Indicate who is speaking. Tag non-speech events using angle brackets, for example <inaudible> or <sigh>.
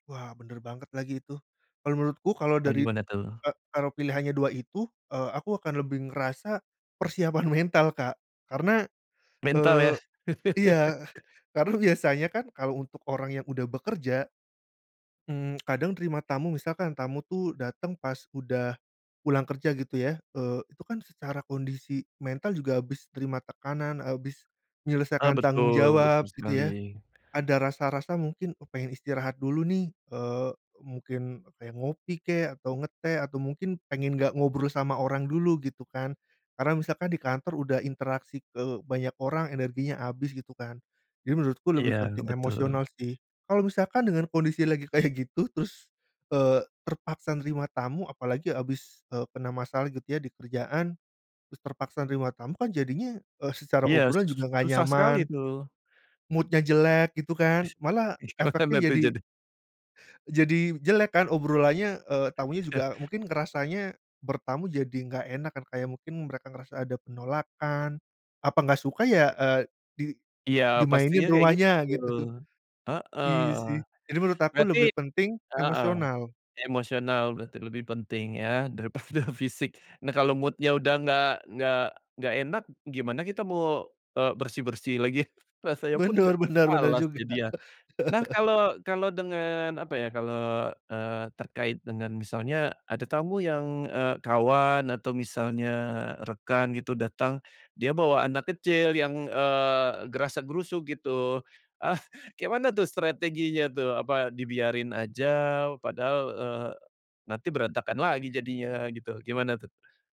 Speaker 1: Wah, bener banget lagi itu. Kalau menurutku kalau
Speaker 2: Eee,
Speaker 1: dari
Speaker 2: gimana tuh?
Speaker 1: ka kalau pilihannya 2 itu, eee, aku akan lebih ngerasa persiapan mental, Kak. Karena,
Speaker 2: Mental
Speaker 1: eee,
Speaker 2: ya? <chuckles>
Speaker 1: iya, karena biasanya kan kalau untuk orang yang udah bekerja, mmm, kadang terima tamu, misalkan tamu tuh dateng pas udah pulang kerja gitu ya, eee, itu kan secara kondisi mental juga habis terima tekanan, habis
Speaker 2: Ah,
Speaker 1: menyelesaikan tanggung
Speaker 2: betul.
Speaker 1: jawab,
Speaker 2: Betul
Speaker 1: gitu ya.
Speaker 2: sekali.
Speaker 1: Ada rasa-rasa mungkin, oh pengen istirahat dulu nih, eee, mungkin kayak ngopi kek, atau ngeteh, atau mungkin pengen nggak ngobrol sama orang dulu gitu kan. Karena misalkan di kantor udah interaksi ke banyak orang energinya abis gitu kan. Jadi, menurutku lebih
Speaker 2: Iya,
Speaker 1: penting
Speaker 2: betul.
Speaker 1: emosional sih. Kalau misalkan dengan kondisi lagi kayak gitu terus, eee, terpaksa nerima tamu, apalagi habis, eee, kena masalah gitu ya, di kerjaan, terus terpaksa nerima tamu, kan jadinya, eee, secara
Speaker 2: Iya,
Speaker 1: obrolan
Speaker 2: su
Speaker 1: juga nggak
Speaker 2: susah sekali
Speaker 1: nyaman.
Speaker 2: itu.
Speaker 1: Mood-nya jelek gitu kan. Malah
Speaker 2: Gimana
Speaker 1: efeknya
Speaker 2: tuh
Speaker 1: jadi
Speaker 2: jadi.
Speaker 1: jadi jelek kan obrolannya, eee, tamunya juga mungkin ngerasanya bertamu jadi nggak enak kan, kayak mungkin mereka ngerasa ada penolakan. Apa nggak suka ya, eee, di
Speaker 2: Iya,
Speaker 1: dimainin
Speaker 2: pastinya kayak
Speaker 1: rumahnya
Speaker 2: gitu.
Speaker 1: gitu.
Speaker 2: Heeh.
Speaker 1: Iya sih, jadi menurut aku
Speaker 2: Berarti
Speaker 1: lebih penting
Speaker 2: heeh,
Speaker 1: emosional.
Speaker 2: emosional berarti lebih penting ya, daripada fisik. Nah, kalau mood-nya udah nggak nggak nggak enak, gimana kita mau, eee, bersih-bersih lagi rasanya pun
Speaker 1: Benar
Speaker 2: nggak
Speaker 1: benar benar
Speaker 2: malas
Speaker 1: juga.
Speaker 2: jadinya. Nah,
Speaker 1: <laughs>
Speaker 2: kalau kalau dengan apa ya, kalau, eee, terkait dengan misalnya ada tamu yang, eee, kawan atau misalnya rekan gitu, datang, dia bawa anak kecil yang, eee, grasak-grusuk gitu, ah, kek mana tuh strateginya tuh? Apa dibiarin aja padahal, eee, nanti berantakan lagi jadinya gitu, gimana tuh?